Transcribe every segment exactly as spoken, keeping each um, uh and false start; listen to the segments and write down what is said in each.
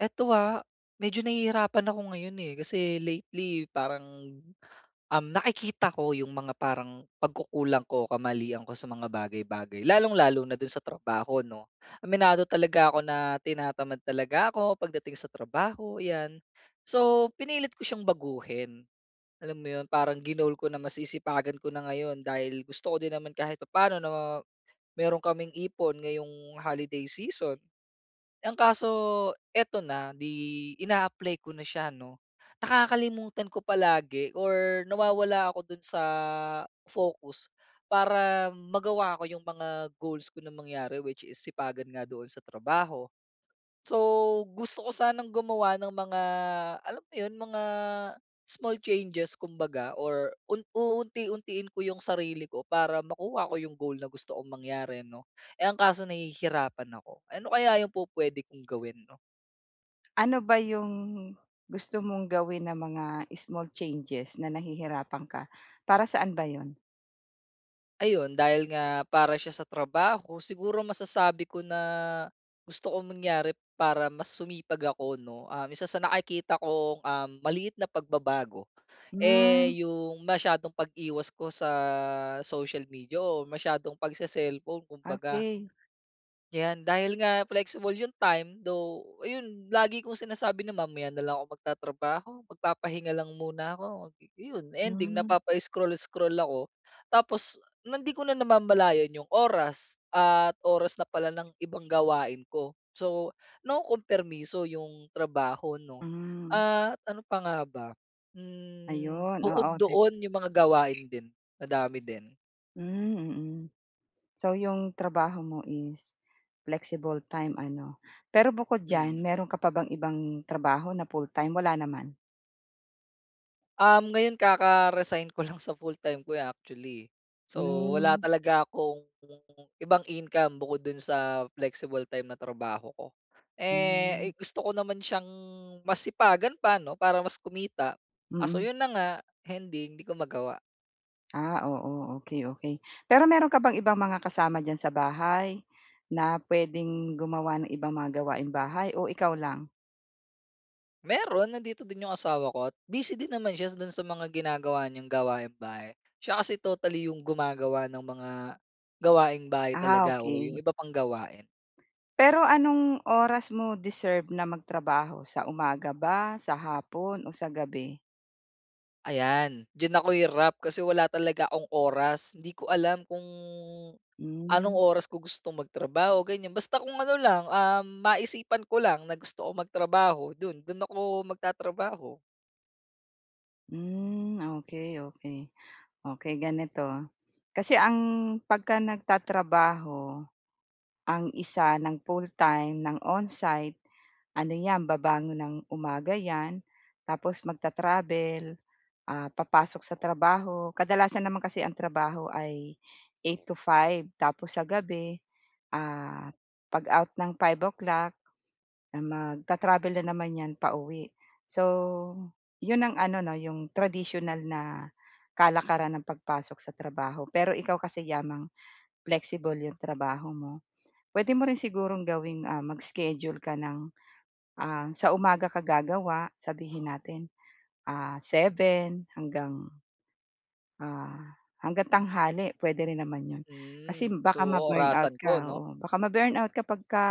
Eto ah, medyo nahihirapan ako ngayon eh. Kasi lately, parang, um, nakikita ko yung mga parang pagkukulang ko, kamalian ko sa mga bagay-bagay, lalong-lalo na do'n sa trabaho 'no. Aminado talaga ako na tinatamad talaga ako pagdating sa trabaho, ayan. So, pinilit ko siyang baguhin. Alam mo 'yon, parang ginoal ko na mas sisipagan ko na ngayon dahil gusto ko din naman kahit papano na meron kaming ipon ngayong holiday season. Eh, ang kaso eto na. 'Di ina-apply ko na siya ano. Nakakalimutan ko palagi or nawawala ako dun sa focus para magawa ko yung mga goals ko na mangyari which is sipagan nga doon sa trabaho. So, gusto ko sanang gumawa ng mga alam mo 'yun, mga small changes kumbaga or un uunti-untiin ko yung sarili ko para makuha ko yung goal na gusto kong mangyari ano. Eh, ang kaso nahihirapan ako. Eh, ano kaya yung pupwede kong gawin 'no? Ano ba yung gusto mong gawin na mga small changes na nahihirapan ka? Para saan ba 'yon? Ayun, dahil nga para siya sa trabaho, siguro masasabi ko na, gusto kong mangyari para mas sumipag ako 'no. Ah, isa sa nakikita kong, um, maliit na pagbabago Hmm. eh, yung masyadong pag-iwas ko sa social media o masyadong pagse-cellphone kumbaga. Okey. 'Yan dahil nga flexible 'yong time, though 'yon lagi kong sinasabi na mamaya na lang ako magtatrabaho, magpapahinga lang muna ako, eh yun ending Hmm. napapa-scroll, scroll ako tapos hindi ko na namamalayan 'yong oras, at oras na pala ng ibang gawain ko. So nakumkompermiso 'yong trabaho 'no, Hmm. at ano pa nga ba? Hmm, Ayun, bukod oo te doon 'yong mga gawain din madami din. Hmm, mm. So 'yong trabaho mo is flexible time ano. Pero bukod diyan, Mhm. mayro'n ka pa bang ibang trabaho na full-time wala naman? Um, ngayon ka-ka-resign ko lang sa fulltime ko, eh, actually. So, wala Hmm. talaga akong ibang income, bukod dun sa flexible time na trabaho ko. Hmm. Eh, gusto ko naman siyang mas sipagan pa 'no para mas kumita. Kaso Mm. 'yon na nga, ending hindi ko magawa. Ah, oo. Okey, okey. Pero meron ka bang ibang mga kasama diyan sa bahay na puwedeng gumawa ng ibang mga gawaing bahay o ikaw lang? Meron, nandito din yung asawa ko at busy din naman siya dun sa mga ginagawa niyang gawaing bahay. Siya kasi totally yung gumagawa ng mga gawaing bahay Ah, talaga o yung okey. iba pang gawain. Pero anong oras mo deserve na magtrabaho? Sa umaga ba, sa hapon o sa gabi? Ayan, diyan ako hirap. Kasi wala talaga akong oras, hindi ko alam kung anong Mm. oras ko gustong magtrabaho ganyan. Basta kung ano lang, ah, maisipan ko lang na gusto kong magtrabaho 'dun, 'dun ako magtatrabaho. Mm, okey, okey. Okey, ganito. Kasi ang pagka nagtatrabaho ang isa ng full-time ng onsite, ano 'yan babangon ng umaga 'yan. Tapos magta-travel, ah, papasok sa trabaho. Kadalasan naman kasi ang trabaho ay eight to five tapos sa gabi, ah, pag-out ng five o'clock magta-travel na naman 'yan pauwi. So, 'yon ang ano 'no, 'yong tradisyunal na kalakaran ng pagpasok sa trabaho. Pero, ikaw kasi yamang flexible 'yong trabaho mo, puwede mo rin sigurong gawing, ah, mag schedule ka ng, ah, sa umaga ka gagawa. Sabihin natin, ah, seven hanggang, ah, hanggang tanghali puwede rin naman 'yon. Kasi, Mm, so baka ma-burnout orasan ko ka, 'no? oo. Baka ma-burnout ka pagka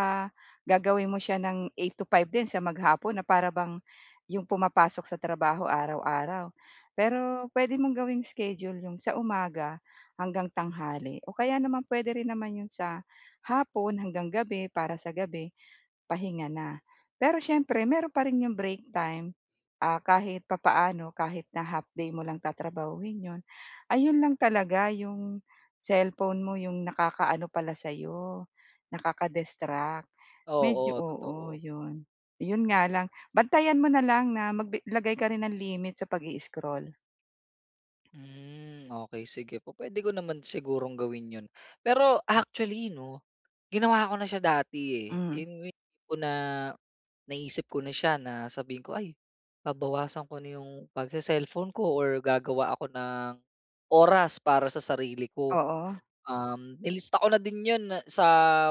gagawin mo siya ng eight to five din sa maghapon na para bang 'yong pumapasok sa trabaho araw-araw. Pero puwede mong gawing schedule 'yong sa umaga hanggang tanghali o kaya naman puwede rin naman 'yon sa hapon hanggang gabi, para sa gabi pahinga na. Pero siyempre meron pa rin 'yong break time, ah, kahit papaano kahit na half day mo lang tatrabahuhin 'yon. Ayun lang talaga, 'yong cellphone mo 'yong nakakaano pala sa 'yo, nakaka-distract. Medyo, Oo, oo, totoo. 'yun. 'Yon nga lang, bantayan mo na lang na mag-bi, maglagay ka rin ng limit sa pag-i-scroll. Mm. Okey sige, pu-puwede ko naman sigurong gawin yun. Pero actually 'no, ginawa ko na siya dati, eh, Hmm. yung tipo na, naisip ko na siya na sabihin ko, "Ay babawasan ko na 'yong pag-se-cellphone ko or gagawa ako ng oras para sa sarili ko." Oo. Um, nilista ko na din yun sa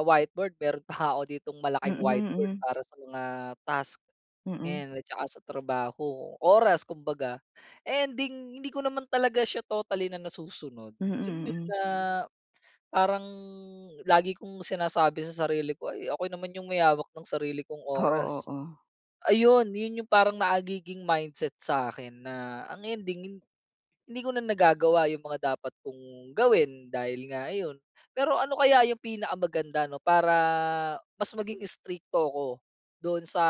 whiteboard, meron pa nga ako ditong malaking Mm, whiteboard mm. para sa mga task. Mm. Ayan, at saka sa trabaho, oras kumbaga. Ending hindi ko naman talaga siya totally na nasusunod, Mm, alam mo 'yun mm. na, parang lagi kong sinasabi sa sarili ko, "Ay ako naman 'yong may hawak ng sarili kong Oo, oras." oo. Ayun, yun yung parang nagiging mindset sa akin na, ang ending hindi ko na nagagawa yung mga dapat kong gawin dahil nga ayun. Pero ano kaya yung pinakamaganda 'no, para mas maging strikto ako doon sa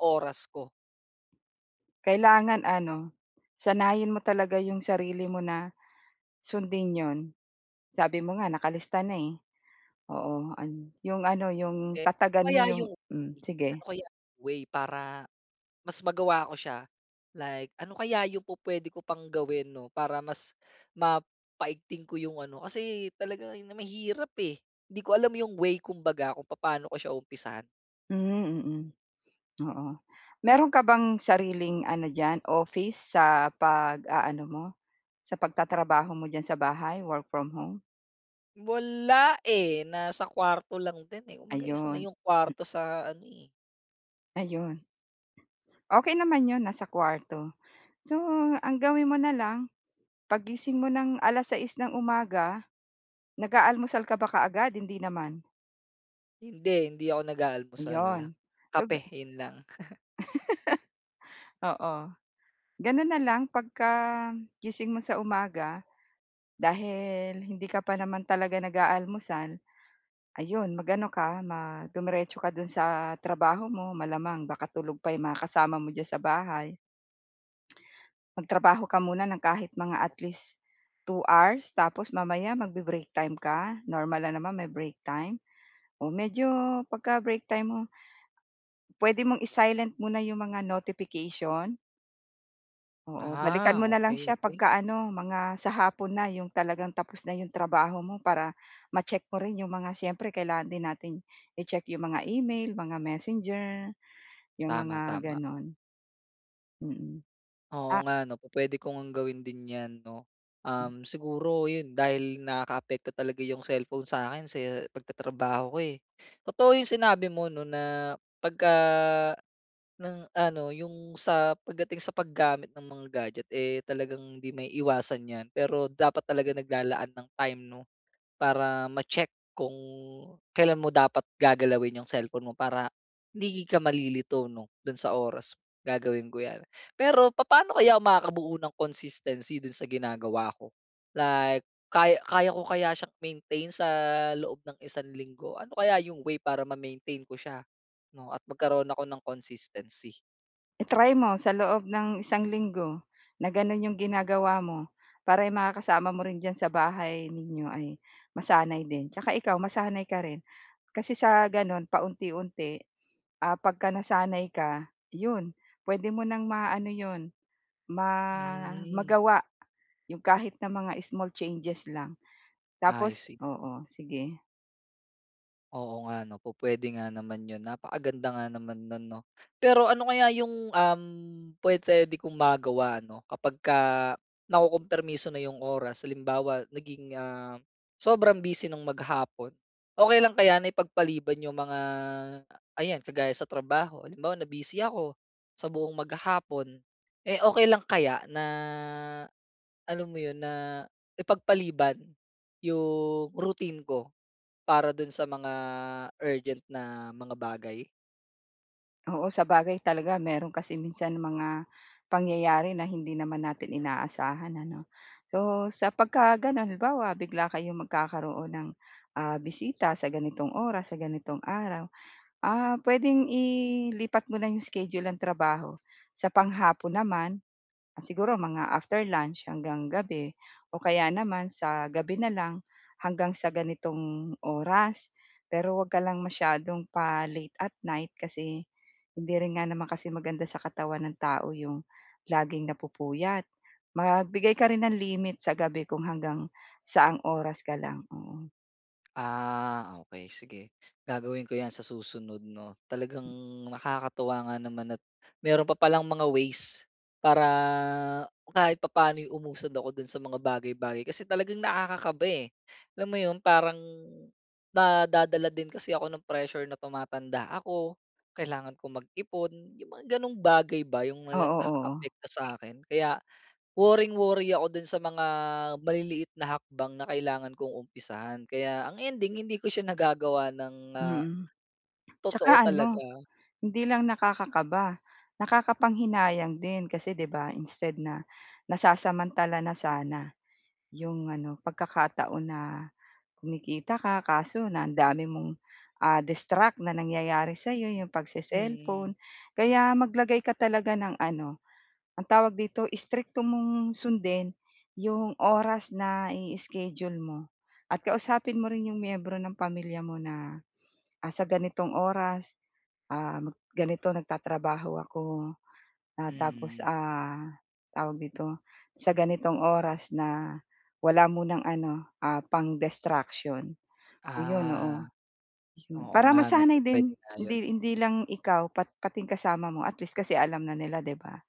oras ko? Kailangan ano, sanayin mo talaga 'yong sarili mo na, sundin 'yon. Sabi mo nga nakalista na, eh. Oo, an 'yong ano, 'yong Eh, ano tatagan kaya mo 'yong yung mm, sige. ano kaya way para mas magawa ako siya? Like, ano kaya yung pu-puwede ko pang gawin 'no, para mas mapaigting ko yung ano? Kasi talaga na mahirap, eh, hindi ko alam yung way 'kumbaga kung papaano ko siya umpisahan. Hmm, mm. Oo, mero'n ka bang sariling ano diyan office, sa pag-aano mo, sa pagtatrabaho mo diyan sa bahay, work from home? Wala eh, nasa kuwarto lang din eh, kumbaga isa na Ayun. yung kwarto sa ano eh. Ayun. Okey naman 'yon nasa kuwarto. So, ang gawin mo na lang 'pag gising mo ng alas-sais ng umaga, nag-aalmusal ka ba kaagad, hindi naman? Hindi, hindi ako nag-aalmusal, Iyon. So kape ga 'yon lang. Oo, gano'n na lang pagka gising mo sa umaga, dahil hindi ka pa naman talaga nag-aalmusal, ayun mag-ano ka, ma dumiretso ka do'n sa trabaho mo malamang baka tulog pa 'yong mga kasama mo diyan sa bahay. Magtrabaho ka muna ng kahit mga at least two hours tapos mamaya magbe-break time ka, normal lang naman may break time. Oh, medyo 'pagka break time mo, puwede mong i-silent muna yung mga notification. Oo, balikan Ah, mo na lang okey, siya okey. pagka-ano, mga sa hapon na, 'yong talagang tapos na 'yong trabaho mo para, ma-check mo rin 'yong mga, siyempre kailangan din nating i-check 'yong mga email, mga Messenger, 'yong mga Tama, tama. gano'n. Mm, Oo ah nga 'no, pupuwede ko ngang gawin din 'yan, 'no? Mm. Um, siguro 'yon, dahil nakaapekto talaga 'yong cellphone sa akin sa pagtatrabaho ko, eh. Totoo 'yong sinabi mo 'no, na, pagka ng ano, 'yong sa pagdating sa paggamit ng mga gadget eh, talagang hindi maiiwasan 'yan, pero dapat talaga naglalaan ng time, 'no? Para ma-check kung, kailan mo dapat gagalawin 'yong cellphone mo, para hindi ka malilito, 'no, 'don sa oras. Gagawin ko yan. Pero papaano kaya ako makakabuo ng consistency dun sa ginagawa ko? Like, kaya kaya ko kaya siyang, i-maintain sa, loob ng isang linggo? Ano kaya yung way para ma-maintain ko siya, 'no, at magkaroon ako ng consistency? I-try mo, sa loob ng isang linggo, na gano'n 'yong ginagawa mo, para yung mga kasama mo rin diyan sa bahay ninyo, ay masanay din. Tsaka ikaw, masanay ka rin, kasi sa gano'n, paunti-unti, ah, pagka-nasanay ka, 'yon, puwede mo nang ma ano 'yon, ma Hmm. magawa. 'Yong kahit ng mga small changes lang. I Tapos see. oo, sige. Oo nga, ano, pupuwede nga naman yun, napakaganda nga naman nun, 'no? Pero ano kaya yung, um, pupuwede kong magawa ano, kapagka nakukumpermiso na yung oras, halimbawa naging, ah, sobrang busy nung maghapon. Okey lang kaya na ipagpaliban 'yong mga, ayan kagaya sa trabaho, halimbawa na busy ako sa buong maghapon. Eh, okey lang kaya, na alam mo 'yon, na ipagpaliban yung routine ko para dun sa mga urgent na mga bagay? Oo, sabagay talaga mayro'n kasi minsan mga pangyayari na hindi naman natin inaasahan, ano? So, sa pagka gano'n, halimbawa bigla kayo magkakaroon ng, ah, bisita sa ganitong oras, sa ganitong araw. Ah, puwedeng ilipat mo na 'yong schedule ng trabaho, sa panghapon naman, siguro mga after lunch hanggang gabi o kaya naman sa gabi na lang, hanggang sa ganitong oras. Pero 'wag ka lang masyadong pa-late at night kasi hindi rin nga naman kasi maganda sa katawan ng tao 'yong laging napupuyat. Magbigay ka rin ng limit sa gabi kung hanggang saang oras ka lang. Oo. Ah, okey sige gagawin ko 'yan sa susunod, 'no. Talagang nakakatuwa nga naman at meron pa palang mga ways para kahit papaano'y umusad ako do'n sa mga bagay-bagay. Kasi talagang nakakakaba eh. Alam mo 'yon? Parang na nadadala din kasi ako ng pressure na tumatanda ako. Kailangan kong mag-ipon. Yung mga ganong bagay ba, yung Oo, oo. nakakaapekto sa akin, kaya worring-worry ako doon sa mga maliliit na hakbang na kailangan kong umpisahan. Kaya ang ending hindi ko siya nagagawa ng, ah, Mm. totoo Tsaka talaga. ano hindi lang nakakakaba, nakakapanghinayang din kasi 'di ba, instead na nasasamantala na sana 'yong ano pagkakataon na kumikita ka, kaso na ang dami mong, ah, distract na nangyayari sa'yo, 'yong Mm. pagse-cellphone. Kaya maglagay ka talaga ng ano, ang tawag dito, strikto mong sundin 'yong oras na i-schedule mo at kausapin mo rin 'yong miyembro ng pamilya mo na, ah, sa ganitong oras, ah, ganito nagtatrabaho ako. Ah, tapos, Mm. ah, tawag dito, sa ganitong oras na wala munang ano, ah, pang-destruction, 'yon, Ah, oo. Hmm, oo para nga 'no. masanay Pupuwede din, nga 'yon. hindi hindi lang ikaw, pat pati yung kasama mo at least kasi alam na nila, 'di ba?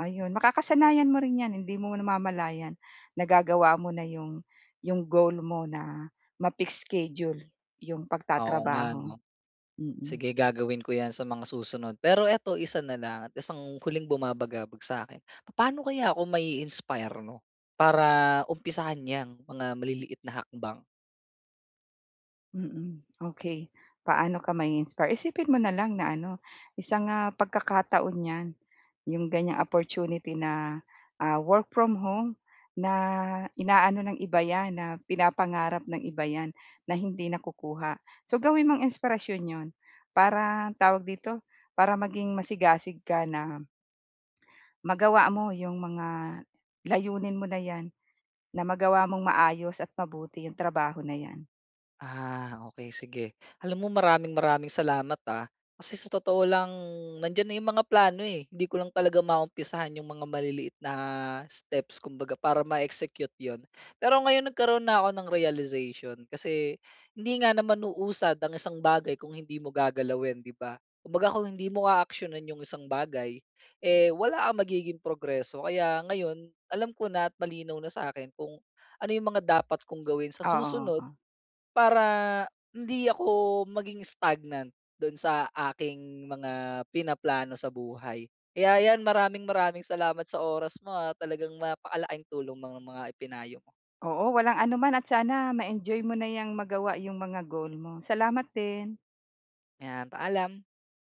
Ayun, makakasanayan mo rin 'yan, hindi mo namamalayan, nagagawa mo na 'yong 'yong goal mo na ma-fix schedule 'yong Oo nga pagtatrabaho. ano? Mm. Sige gagawin ko 'yan sa mga susunod. Pero eto, isa na lang at isang huling bumabagabag sa'kin. Paano kaya ako mai-inspire 'no, para umpisahan 'yang mga maliliit na hakbang? Mm, okey. Paano ka ma-i-inspire? Isipin mo na lang na ano, isang, ah, pagkakataon 'yan. 'Yong ganyang opportunity na, ah, work from home, na ina-ano ng iba 'yan, na pinapangarap ng iba 'yan, na hindi nakukuha. So, gawin mong inspirasyon 'yon. Parang tawag dito, para maging masigasig ka na. Magawa mo 'yong mga layunin mo na 'yan, na magawa mong maayos at mabuti 'yong trabaho na 'yan. Ah okey, sige. Alam mo maraming, maraming salamat ah. Kasi sa totoo lang, nandiyan na 'yong mga plano, eh, hindi ko lang talaga maumpisahan 'yong mga maliliit na steps kumbaga, para ma-execute 'yon. Pero ngayon, nagkaroon na ako ng realization. Kasi hindi nga naman uusad ang isang bagay kung hindi mo gagalawin, 'di ba? Kumbaga, kung hindi mo aaksiyunan 'yong isang bagay, eh, wala kang magiging progreso. Kaya ngayon, alam ko na at malinaw na sa akin kung ano 'yong mga dapat kong gawin sa Oo, susunod oo. para hindi ako maging stagnant do'n sa aking mga pinaplano sa buhay. Kaya yan, maraming, maraming salamat sa oras mo, ah, talagang napakalaking tulong mga mga ipinayo mo. Oo, walang anuman at sana ma-enjoy mo na 'yang magawa yung mga goal mo. Salamat din. 'Yan, paalam.